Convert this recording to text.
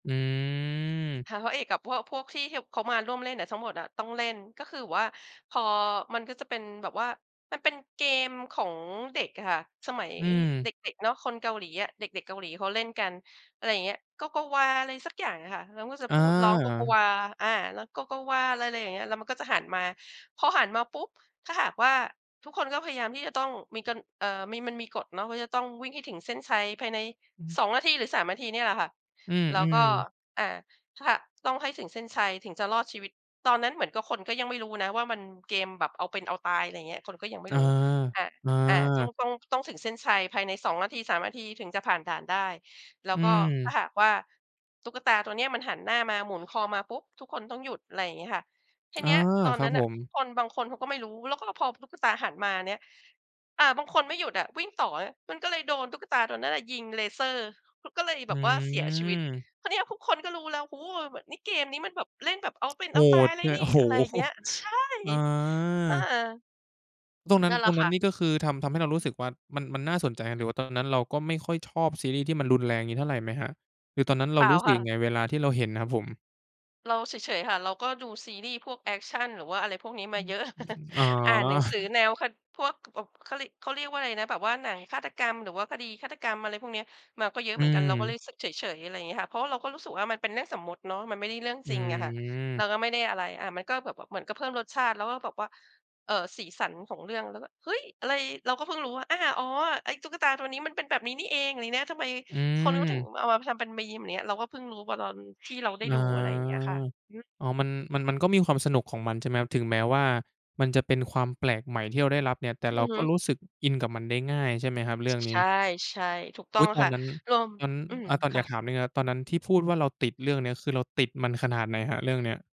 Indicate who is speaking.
Speaker 1: อื
Speaker 2: ทางพร
Speaker 1: ม
Speaker 2: ะเอกกับพวก พวกที่เฮว เขามาร่วมเล่นอะ ทั้งหมดอะต้องเล่น ก็คือแบบว่าพอ มันก็จะเป็นแบบว่า มันเป็นเกมของเด็กอะค่ะ สมัย
Speaker 1: อื
Speaker 2: เ
Speaker 1: ม
Speaker 2: ด็ก ๆ เนาะ คนเกาหลีอะ เด็ก ๆ เกาหลีเขาเล่นกัน อะไรอย่างเงี้ย โกโกวา อะไรสักอย่างอะค่ะ แล้วก็จะ
Speaker 1: อ
Speaker 2: พูดร้องโกโก
Speaker 1: า
Speaker 2: วา อ่า ร้องโกโกวา ไร ไรอย่างเงี้ย แล้วมันก็จะหันมา พอหันมาปุ๊บ! ถ้าหากว่า ทุกคนก็พยายามที่จะต้องมีกัน เอ่อ มี มันมีกฎเนาะ ว่าจะต้องวิ่งให้ถึงเส้นชัยภายใน
Speaker 1: อืม
Speaker 2: 2 นาที หรือ 3 นาที เนี่ยแหละค่ะ
Speaker 1: อื
Speaker 2: แล้วก
Speaker 1: ม
Speaker 2: ็
Speaker 1: ๆ
Speaker 2: อ่า ถ้าหะ ต้องให้ถึงเส้นชัยถึงจะรอดชีวิต ตอนนั้นเหมือนกับคนก็ยังไม่รู้นะว่า มัน เกมแบบเอาเป็นเอาตาย อะไรเงี้ย คนก็ยังไม่
Speaker 1: อา
Speaker 2: รู้ อา
Speaker 1: อ
Speaker 2: อา จ้อง
Speaker 1: า
Speaker 2: ต้องถึงเส้นชัย ภายใน 2 นาที 3 นาที ถึงจะผ่านด่านได้ แล้
Speaker 1: อื
Speaker 2: วก็ถ้า
Speaker 1: ม
Speaker 2: หากว่าตุ๊กตาตัวเนี้ย มันหันหน้ามาหมุนคอมาปุ๊บ ทุกคนต้องหยุด อะไรอย่างงี้ค่ะ ที
Speaker 1: อา
Speaker 2: เนี้ย ตอน
Speaker 1: ครั
Speaker 2: นั
Speaker 1: บ
Speaker 2: ้น
Speaker 1: ผ
Speaker 2: น่ะ
Speaker 1: ม
Speaker 2: คนบางคนเขาก็ไม่รู้ แล้วก็มาพอ พ ตุ๊กตาหันมาเนี่ย อา บางคนไม่หยุดอะ วิ่งต่ออะ มันก็เลยโดนตุ๊กตาตัวนั้นน่ะยิงเลเซอร์ เขาก็เลย
Speaker 1: อ
Speaker 2: แ
Speaker 1: ื
Speaker 2: บบว่าเสียชีวิต
Speaker 1: ม
Speaker 2: คราวนี้อะทุกคนก็รู้แล้ว โอ้โฮ เราแบบ นี่เกมนี้มันแบบเล่นแบบเอาเป็น
Speaker 1: โ
Speaker 2: เ
Speaker 1: ห
Speaker 2: อาตา
Speaker 1: ด
Speaker 2: ยเลย
Speaker 1: ด้วย
Speaker 2: นี่
Speaker 1: โอ้โฮ
Speaker 2: อะไรอย่างเงี้ย ใช่
Speaker 1: อ
Speaker 2: อ่า
Speaker 1: า แล้วต
Speaker 2: ถ
Speaker 1: อน
Speaker 2: ูก
Speaker 1: นั้น
Speaker 2: นั่นแหล
Speaker 1: ตอ
Speaker 2: ะ
Speaker 1: นน
Speaker 2: ค
Speaker 1: ั้
Speaker 2: ่
Speaker 1: น
Speaker 2: ะ
Speaker 1: นี่ ก็คือทำ ทำให้เรารู้สึกว่า มัน มันน่าสนใจ หรือว่าตอนนั้นเราก็ไม่ค่อยชอบซีรีส์ที่มันรุนแรงอย่างงี้เท่าไรไหมครับ? หรือตอนนั้นเร
Speaker 2: เ
Speaker 1: า
Speaker 2: ปล่า
Speaker 1: รู้สึ
Speaker 2: ค
Speaker 1: ก
Speaker 2: ่
Speaker 1: ยั
Speaker 2: ะ
Speaker 1: งไง? เวลาที่เราเห็นอะครับผม
Speaker 2: เราเฉย ๆ ค่ะ เราก็ดูซีรีส์พวกแอกชัน หรือว่าอะไรพวกนี้
Speaker 1: อ
Speaker 2: ม
Speaker 1: ื
Speaker 2: าเยอะ
Speaker 1: อ ๆ อ๋อ
Speaker 2: อ่านหนังสือแนวฆาต พวก แบบ เขาริ เขาเรียกว่าอะไรนะ แบบว่าหนังฆาตกรรมหรือว่าคดีฆาตกรรม อะไรพวกเนี้ย มาก็เยอ
Speaker 1: อ
Speaker 2: ะ
Speaker 1: ื
Speaker 2: เหมือนกัน เราก็เลย
Speaker 1: ม
Speaker 2: รู้สึกเฉย ๆ อะไรงี้ค่ะ เพราะว่าเราก็รู้สึกว่ามันเป็นเรื่องสมมติเนาะ มันไม่ได้เรื่อง
Speaker 1: อ
Speaker 2: จริงอะค่ะ เร
Speaker 1: ืม
Speaker 2: าก็ไม่ได้อะไร อา มันก็แบบว่าเหมือนกับเพิ่มรสชาติ แล้วก็แบบว่า เอ่อ สีสันของเรื่อง เราก็ เฮ้ย อะไร? เราก็เพิ่งรู้ว่า อา อ๋อ ไอ้ตุ๊กตาตัวนี้มันเป็นแบบนี้นี่เอง ลี้นะ ทำไม
Speaker 1: อื
Speaker 2: คนเขาถึง
Speaker 1: ม
Speaker 2: มาเอามาทำเป็นมีม อย่างเงี้ย เราก็เพิ่งรู้อะตอนที่เราได้
Speaker 1: อา
Speaker 2: ดู อะไรอย่างเงี้ยค่ะ อือฮึ
Speaker 1: อ๋อ มัน มัน มันก็มีความสนุกของมัน ใช่ไหมครับ ถึงแม้ว่ามันจะเป็นความแปลกใหม่ที่เราได้รับเนี่ย แต่เ
Speaker 2: อ
Speaker 1: ร
Speaker 2: ื
Speaker 1: า
Speaker 2: อฮ
Speaker 1: ก็
Speaker 2: ึ
Speaker 1: รู้สึกอินกับมันได้ง่าย ใช่ไหมครับ เรื่องน
Speaker 2: ใช
Speaker 1: ี
Speaker 2: ่
Speaker 1: ้
Speaker 2: ใช่ ถูกต
Speaker 1: อ
Speaker 2: ้
Speaker 1: ุ
Speaker 2: อ
Speaker 1: ๊
Speaker 2: ง
Speaker 1: ย!
Speaker 2: อ
Speaker 1: ต
Speaker 2: ะ
Speaker 1: อ
Speaker 2: ค
Speaker 1: น
Speaker 2: ่ะ
Speaker 1: นั้น
Speaker 2: ลอม
Speaker 1: งั้น
Speaker 2: อืม
Speaker 1: อะ ตอน
Speaker 2: ค
Speaker 1: อย
Speaker 2: ่
Speaker 1: าก
Speaker 2: ะ
Speaker 1: ถามนิดหนึ่งครับตอนนั้นที่พูดว่า "เราติดเรื่องนี้" คือเราติดมันขนาดไหนครับ เรื่องนี้?